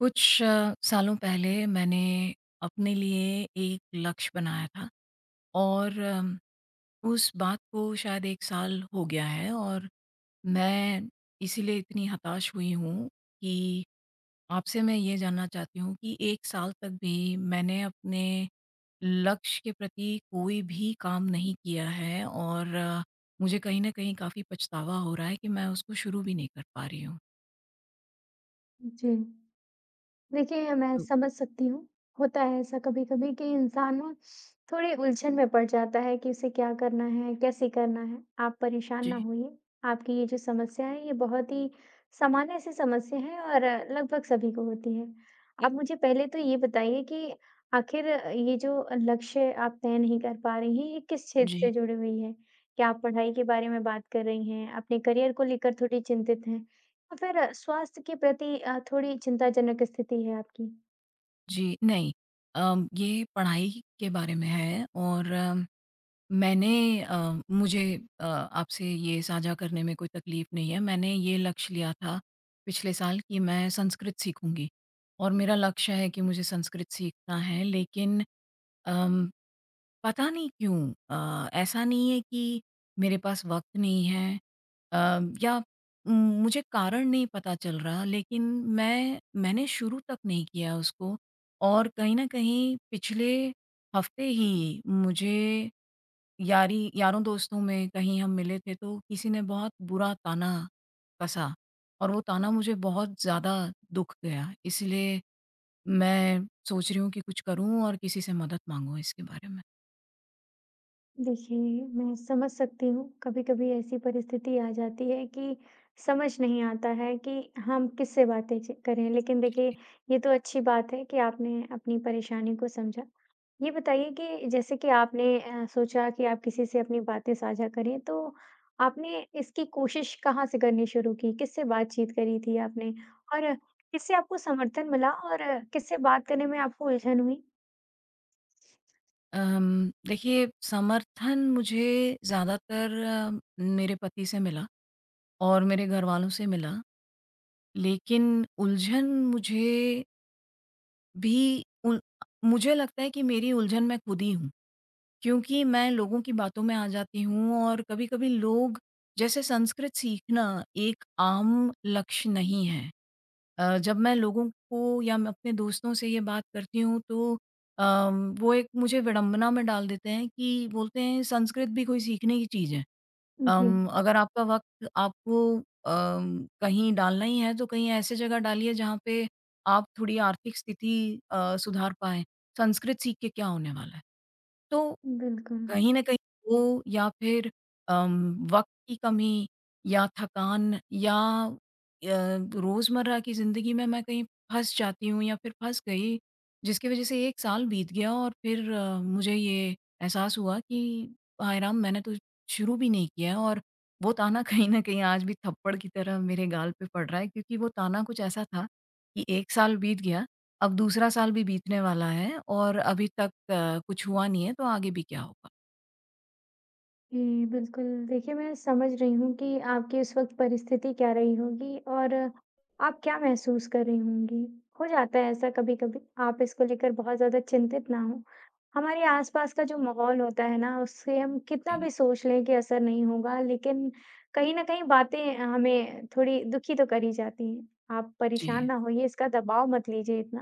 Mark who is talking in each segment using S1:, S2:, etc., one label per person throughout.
S1: कुछ स सालों पहले मैंने अपने लिए एक लक्ष्य बनाया था और अम, उस बात को शायद 1 साल हो गया है और मैं इसीलिए इतनी हताश हुई हूँ कि आपसे मैं ये जानना चाहती हूँ कि 1 साल तक भी मैंने अपने लक्ष्य के प्रति कोई भी काम नहीं किया है और मुझे कहीं न कहीं काफ़ी पछतावा हो रहा है कि मैं उसको शुरू भी नहीं कर पा रही हूँ।
S2: उ, जी। देखिए, ये मैं
S1: ओ
S2: समझ सकती हूँ। होता है ऐसा कभी-कभी कि इंसान ना थोड़े उलझन में पड़ जाता है कि इसे क्या करना है, कैसे करना है। आप परेशान ना
S1: जी।
S2: होइए, आपकी ये जो समस्या हैं, ये बहुत ही सामान्य-सी समस्या हैं और लगभग सभी को होती हैं। आप मुझे पहले तो ये बताइए कि आखिर अ, ये जो अ, लक्ष्य आप तय नहीं कर पा रही हैं ये किस क्षेत्र
S1: जी।
S2: से जुड़ी हुई है? क्या आप पढ़ाई के बारे में बात कर रही हैं? अपने करियर को लेकर थोड़ी चिंतित हैं या फ़िर स्वास्थ्य के प्रति अ, थोड़ी चिंताजनक स्थिति है आपकी?
S1: जी नहीं अम ये पढ़ाई के बारे में है और मैंने अ, मुझे अ, आपसे ये साझा करने में कोई तकलीफ नहीं है। मैंने ये लक्ष्य लिया था, पिछले साल कि मैं संस्कृत सीखूँगी और मेरा लक्ष्य है कि मुझे संस्कृत सीखना है। लेक़िन अम पता नहीं क्यों अ, ऐसा नहीं है कि मेरे पास वक़्त नहीं है अम या उम, मुझे कारण नहीं पता चल रहा लेक़िन मैं मैंने शुरू तक नहीं किया उसको और कहीं न कहीं पिछले हफ्ते ही मुझे यारी यारों-दोस्तों में कहीं हम मिले थे तो किसी ने बहुत बुरा ताना कसा और वो ताना मुझे बहुत ज़्यादा दुःख गया है। इसलिए मैं सोच रही हूँ कि कुछ करूँ और किसी से मदद माँगूँ इसके बारे में।
S2: देखिए मैं समझ सकती हूँ। कभी-कभी ऐसी परिस्थिति आ जाती है कि समझ नहीं आता है कि हम किससे बातें च करें। लेक़िन देखिए
S1: जी।
S2: ये तो अच्छी बात है कि आपने अपनी परेशानी को समझा। ये बताइए कि जैसे कि आपने अ, सोचा कि आप किसी से अपनी बातें साझा करें तो आपने इसकी कोशिश कहाँ से करनी शुरू की? किससे बातचीत करी थी आपने और किससे आपको समर्थन मिला और किससे बात करने में आपको उलझन हुई?
S1: अम देखिए समर्थन मुझे ज़्यादातर म मेरे पति से मिला और मेरे घर वालों से मिला। लेक़िन उलझन मुझे भी उल मुझे लगता है कि मेरी उलझन मैं खुद ही हूँ, क्योंकि मैं लोगों की बातों में आ जाती हूँ और कभी-कभी लोग, जैसे संस्कृत सीखना एक आम लक्ष्य नहीं है। अ, जब मैं लोगों को या मैं अपने दोस्तों से ये बात करती हूँ तो अ, वो एक मुझे विडंबना में डाल देते हैं कि बोलते हैं, "संस्कृत भी कोई सीखने की चीज़ है?
S2: उ
S1: अम,
S2: जी।
S1: अगर आपका वक़्त अम, आपको कहीं डालना ही है तो कहीं ऐसी जगह डालिए जहाँ पे, आप थोड़ी आर्थिक स्थिति अ, सुधार पाएँ। संस्कृत सीख के क्या होने वाला है?" तो
S2: बिल्कुल।
S1: कहीं न कहीं वो या फिर अम, वक़्त की कमी, या थकान या अ, रोज़मर्रा की जिंदगी में मैं कहीं फँस जाती हूँ या फिर फँस गई, जिसकी वजह से 1 साल बीत गया और फिर मुझे ये एहसास हुआ कि हाय राम! मैंने तो शुरू भी नहीं किया और वो ताना कहीं न कहीं आज भी थप्पड़ की तरह मेरे गाल पे पड़ रहा है, क्योंकि वह ताना कुछ ऐसा था कि 1 साल बीत गया, अब दूसरा साल भी बीतने वाला है और अभी तक कुछ हुआ नहीं है तो आगे भी क्या होगा?
S2: जी, बिल्कुल। देखिए, मैं समझ रही हूँ कि आपकी उस वक़्त परिस्थिति क्या रही होगी और आप क्या महसूस कर रही होंगी। हो जाता है ऐसा कभी-कभी। आप इसको लेकर बहुत ज़्यादा चिंतित ना हों। हमारे आसपास का जो माहौल होता है ना, उससे हम कितना भी सोच लें कि असर नहीं होगा लेकिन कहीं न कहीं बातें हमें थोड़ी दुखी तो कर ही जाती हैं, आप परेशान
S1: जी।
S2: ना होइए, इसका दबाव मत लीजिए इतना।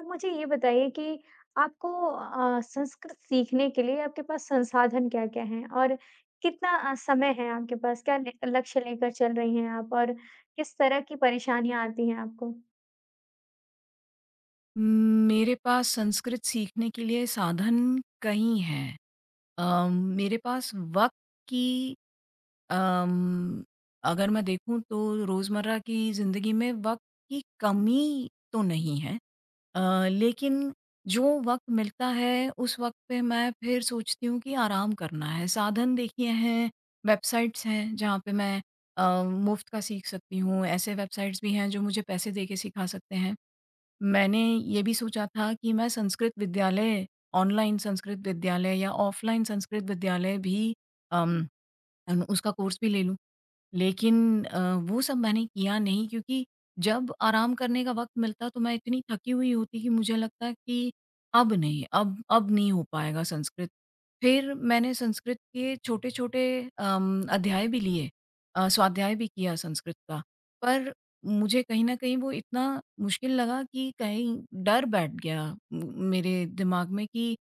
S2: आप मुझे ये बताइए कि आपको अ, संस्कृत सीखने के लिए आपके पास संसाधन क्या-क्या हैं? और कितना अ, समय है आपके पास? क्या ने लक्ष्य लेकर चल रही हैं आप? और किस तरह की परेशानियाँ आती हैं आपको?
S1: उ मेरे पास संस्कृत सीखने के लिए साधन कई हैं अ, मेरे पास वक़्त की अम्म, अगर मैं देखूँ तो रोज़मर्रा की ज़िंदगी में वक़्त की कमी तो नहीं हैं अ, लेकिन जो वक़्त मिलता है उस वक़्त पे मैं फिर सोचती हूँ कि आराम करना है साधन देखिए हैं, वेबसाइटस हैं, जहाँ पे मैं अ, मुफ्त का सीख सकती हूँ, ऐसे वेबसाइटस भी हैं जो मुझे पैसे देके सिखा सकते हैं मैंने ये भी सोचा था कि मैं संस्कृत विद्यालय ऑनलाइन संस्कृत विद्यालय या ऑफलाइन संस्कृत विद्यालय भी, अम, अम, उसका कोर्स भी ले लूँ। लेकिन अ, वो सब मैंने किया नहीं, क्योंकि जब आराम करने का वक़्त मिलता तो मैं इतनी थकी हुई होती कि मुझे लगता है कि अब नहीं, अब अब नहीं हो पाएगा संस्कृत। फिर मैंने संस्कृत के छोटे-छोटे अम, अध्याय भी लिए अ, स्वाध्याय भी किया संस्कृत का। पर मुझे कहीं न कहीं वो इतना मुश्किल लगा कि कहीं डर बैठ गया म मेरे दिमाग में कि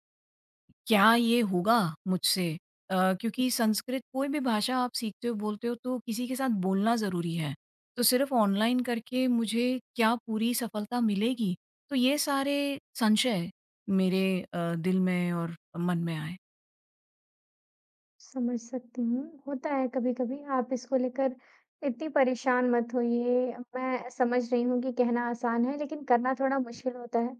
S1: क्या ये होगा मुझसे? अ,
S2: उ
S1: क्योंकि संस्कृत कोई भी भाषा आप सीखते हो, बोलते हो तो किसी के साथ बोलना ज़रूरी है। तो सिर्फ़ ऑनलाइन करके मुझे क्या पूरी सफलता मिलेगी? तो ये सारे संशय मेरे अ, दिल में और मन में आए।
S2: समझ सकती हूँ, होता है कभी-कभी। आप इसको लेकर इतनी परेशान मत होइए। मैं समझ रही हूँ कि कहना आसान है लेक़िन करना थोड़ा
S1: जी
S2: मुश्किल होता है।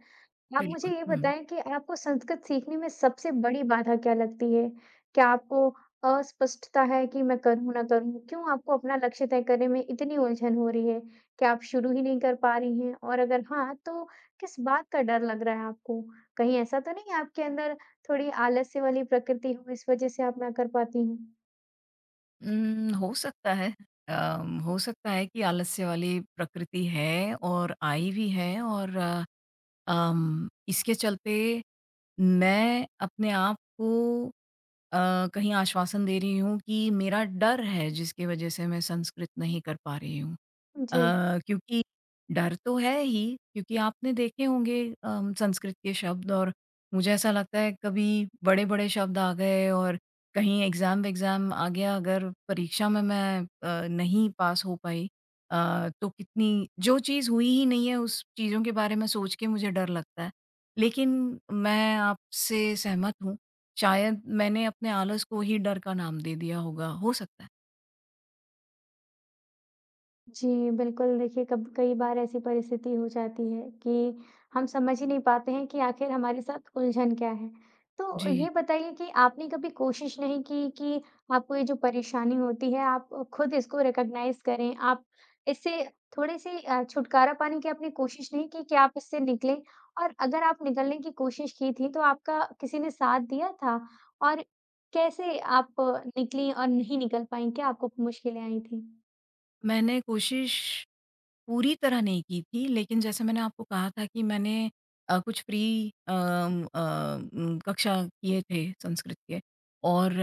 S2: आप मुझे
S1: बिल्कुल,
S2: ये
S1: हुँ।
S2: बताइए कि आपको संस्कृत सीखने में सबसे बड़ी बाधा क्या लगती है। क्या आपको अस्पष्टता है कि मैं करूँ ना करूँ? क्यों आपको अपना लक्ष्य तय करने में इतनी उलझन हो रही है कि आप शुरू ही नहीं कर पा रही हैं और अगर हाँ तो किस बात का डर लग रहा है आपको? कहीं ऐसा तो नहीं है आपके अंदर थोड़ी आलस्य वाली प्रकृति हो, इस वजह से आप ना कर पाती हैं?
S1: उम्म, हो सकता है अ, हो सकता है कि आलस्य वाली प्रकृति है और आई भी है। और अम इसके चलते मैं अपने आप को अ, कहीं आश्वासन दे रही हूँ कि मेरा डर है जिसकी वजह से मैं संस्कृत नहीं कर पा रही हूँ। अ,
S2: जी।
S1: क्योंकि डर तो है ही क्योंकि आपने देखे होंगे अ, संस्कृत के शब्द और मुझे ऐसा लगता है कभी बड़े-बड़े शब्द आ गए और कहीं एग्ज़ाम विक्ज़ाम आ गया। अगर परीक्षा में मैं अ, नहीं पास हो पाई। अ, तो कितनी जो चीज़ हुई ही नहीं है उस चीज़ों के बारे में सोच के मुझे डर लगता है। लेक़िन मैं आपसे सहमत हूँ। शायद मैंने अपने आलस को ही डर का नाम दे दिया होगा। हो सकता है।
S2: जी, बिल्कुल, देखिए, कब कई बार ऐसी परिस्थिति हो जाती है कि हम समझ ही नहीं पाते हैं कि आखिर हमारे साथ उलझन क्या है। तो
S1: जी।
S2: ये बताइए कि आपने कभी कोशिश नहीं की कि आपको ये जो परेशानी होती है। आप ख़ुद इसको रिकॉग्नाइज़ करें आप इससे थोड़े से अ, छुटकारा पाने की आपने कोशिश नहीं की कि आप इससे निकलें। और अगर आप निकलने की कोशिश की थी तो आपका किसी ने साथ दिया था? और कैसे आप निकलीं और नहीं निकल पाईं, क्या आपको मुश्किलें आई थी?
S1: मैंने कोशिश पूरी तरह नहीं की थी लेकिन जैसे मैंने आपको कहा था कि मैंने अ, कुछ फ्री अम अ, कक्षा किए थे संस्कृत के। और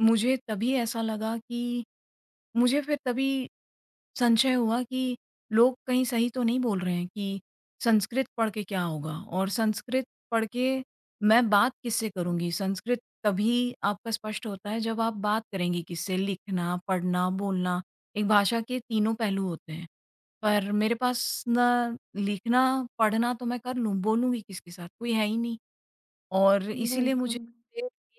S1: मुझे तभी ऐसा लगा कि मुझे फ़िर तभी संशय हुआ कि लोग कहीं सही तो नहीं बोल रहे हैं कि संस्कृत पढ़ के क्या होगा और संस्कृत पढ़ के मैं बात किससे करूँगी। संस्कृत तभी आपका स्पष्ट होता है जब आप बात करेंगी किससे लिखना, पढ़ना, बोलना एक भाषा के तीनों पहलू होते हैं। पर मेरे पास ना लिखना, पढ़ना तो मैं कर लूँ, बोलूँगी किसके साथ कोई है ही नहीं और इसीलिए मुझे
S2: बिल्कुल।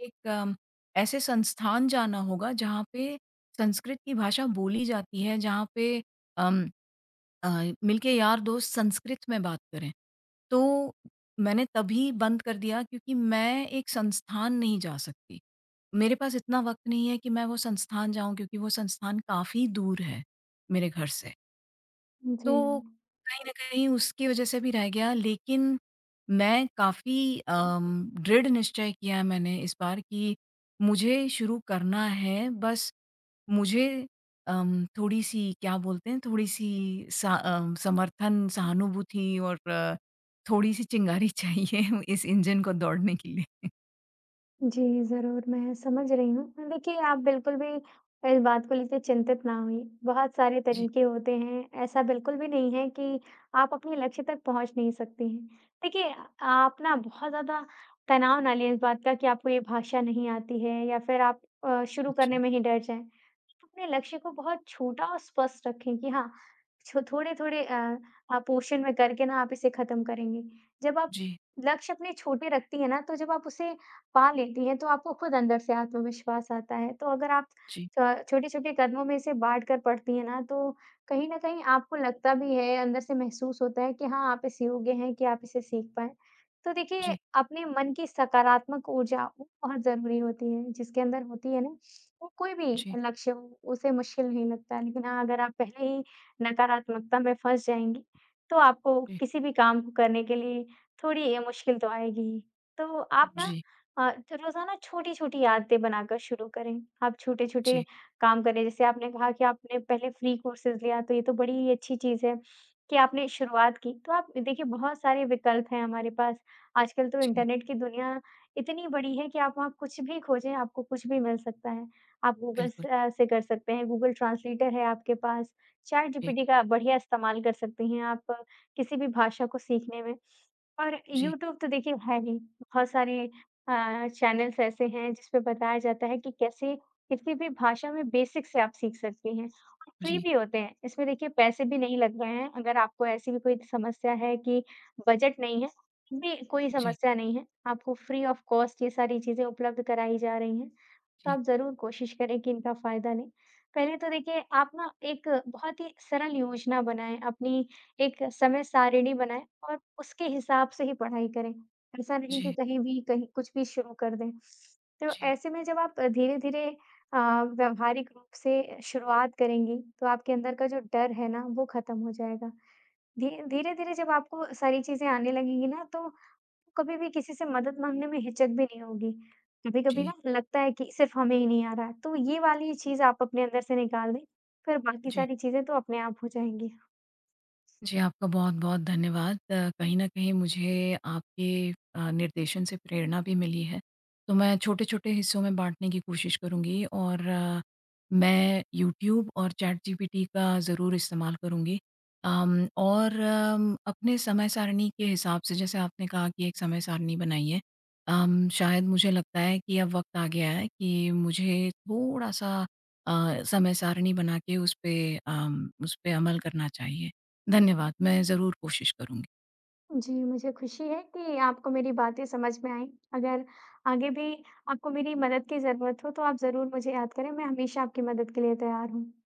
S1: एक ऐसे संस्थान जाना होगा। जहाँ पे संस्कृत की भाषा बोली जाती है, जहाँ पे अम अ, मिलके यार दोस्त संस्कृत में बात करें। तो मैंने तभी बंद कर दिया क्योंकि मैं एक संस्थान नहीं जा सकती। मेरे पास इतना वक़्त नहीं है कि मैं वो संस्थान जाऊँ क्योंकि वो संस्थान काफ़ी दूर है मेरे घर से।
S2: जी।
S1: तो कहीं न कहीं उसकी वजह से भी रह गया लेकिन मैं काफ़ी अम दृढ़ निश्चय किया है मैंने इस बार कि मुझे शुरू करना है। बस मुझे अम थोड़ी-सी क्या बोलते हैं, थोड़ी-सी स अ, समर्थन, सहानुभूति और थोड़ी सी चिंगारी चाहिए इस इंजन को दौड़ने के लिए।
S2: जी, ज़रूर मैं समझ रही हूँ। देखिए, आप बिल्कुल भी कोई बात को लेके चिंतित ना होइए। बहुत सारे
S1: जी।
S2: तरीके होते हैं, ऐसा बिल्कुल भी नहीं है कि आप अपने लक्ष्य तक पहुँच नहीं सकती हैं। देखिए अ, आप ना बहुत ज़्यादा तनाव ना लें इस बात का कि आपको ये भाषा नहीं आती है या फ़िर आप अ, शुरू करने
S1: अच्छा।
S2: में ही डर जाएँ। आप अपने लक्ष्य को बहुत छोटा और स्पष्ट रखें कि हाँ छो थोड़े-थोड़े अ अ, पोर्शन में करके ना आप इसे खत्म करेंगी। जब आप
S1: जी।
S2: लक्ष्य अपने छोटे रखती हैं ना तो जब आप उसे पा लेती हैं तो आपको खुद अंदर से आत्मविश्वास आता है। तो अगर आप
S1: जी।
S2: क छोटे-छोटे कदमों में इसे बाँट कर पढ़ती हैं ना तो कहीं न कहीं आपको लगता भी है, अंदर से महसूस होता है कि हाँ, आप इस योग्य हैं कि आप इसे सीख पाएँ। तो देखिए,
S1: जी।
S2: अपने मन की सकारात्मक ऊर्जा ब बहुत ज़रूरी होती है। जिसके अंदर होती है ना, वो कोई भी
S1: जी।
S2: लक्ष्य हो, उसे मुश्किल नहीं लगता है लेकिन हाँ अगर आप पहले ही नकारात्मकता में फँस जाएँगी तो आपको
S1: जी।
S2: किसी भी काम को करने के लिए थोड़ी अ, मुश्किल तो आएगी ही। तो आप ना
S1: जी।
S2: अ, तो रोज़ाना छोटी-छोटी आदतें बनाकर शुरू करें। आप छोटे-छोटे
S1: जी।
S2: काम करें, जैसे आपने कहा कि आपने पहले फ्री कोर्सेज़ लिया तो ये तो बड़ी ही अच्छी चीज है कि आपने शुरुआत की। तो आप देखिए बहुत सारे विकल्प हैं हमारे पास, आजकल तो
S1: जी।
S2: इंटरनेट की दुनिया इतनी बड़ी है कि आप वहाँ कुछ भी खोजें, आपको कुछ भी मिल सकता है। आप गूगल
S1: बिल्कुल।
S2: से अ, से कर सकते हैं, गूगल ट्रांसलेटर है आपके पास,
S1: जी।
S2: चैटजीपीटी का बढ़िया इस्तेमाल कर सकती हैं आप किसी भी भाषा को सीखने में। और
S1: जी।
S2: यूट्यूब तो देखिए है ही बहुत सारे अ, चैनल्स ऐसे हैं जिस पे बताया जाता है कि कैसे किसी भी भाषा में बेसिक से आप सीख सकती हैं। और फ्री
S1: जी।
S2: भी होते हैं। इसमें देखिए पैसे भी नहीं लग रहे हैं, अगर आपको ऐसी भी कोई समस्या है कि बजट नहीं है, बे भी कोई
S1: जी।
S2: समस्या नहीं है। आपको फ्री ऑफ कॉस्ट ये सारी चीज़ें उपलब्ध कराई जा रही हैं, तो
S1: जी।
S2: आप ज़रूर कोशिश करें कि इनका फ़ायदा लें। पहले तो देखिए आप ना एक बहुत ही सरल योजना बनाएँ, अपनी एक समय-सारिणी बनाएँ और उसके हिसाब से ही पढ़ाई करें। ऐसा नहीं कि
S1: जी।
S2: कहीं भी कहीं कुछ भी शुरू कर दें। तो
S1: जी।
S2: ऐसे में जब आप अ, धीरे-धीरे अ, व्यवहारिक रूप से अ, शुरुआत करेंगी, तो आपके अंदर का जो डर है ना वो खत्म हो जाएगा। धी धीरे-धीरे जब आपको सारी चीज़ें आने लगेंगी ना तो कभी भी किसी से मदद माँगने में हिचक भी नहीं होगी। कभी-कभी ना
S1: जी।
S2: लगता है कि सिर्फ हमें ही नहीं आ रहा है तो ये वाली चीज़ आप अपने अंदर से निकाल दें। फ़िर बाकी
S1: जी।
S2: सारी चीज़ें तो अपने आप हो जाएँगी।
S1: जी, आपका बहुत-बहुत धन्यवाद। अ, कहीं न कहीं मुझे आपके अ, निर्देशन से प्रेरणा भी मिली है। तो मैं छोटे-छोटे हिस्सों में बाँटने की कोशिश करूँगी और अ, मैं यूट्यूब और चैटजीपीटी का ज़रूर इस्तेमाल करूँगी। अम और म अपने समय-सारणी के हिसाब से जैसे आपने कहा कि एक समय-सारणी बनाई है। अम शायद मुझे लगता है कि अब वक़्त आ गया है कि मुझे थोड़ा-सा अ, समय-सारणी बना के उस पे अम उसपे अमल करना चाहिए। धन्यवाद, मैं ज़रूर कोशिश करूँगी।
S2: जी, मुझे ख़ुशी है कि आपको मेरी बातें समझ में आईं। अगर आगे भी आपको मेरी मदद की ज़रूरत हो तो आप ज़रूर मुझे याद करें, मैं हमेशा आपकी मदद के लिए तैयार हूँ।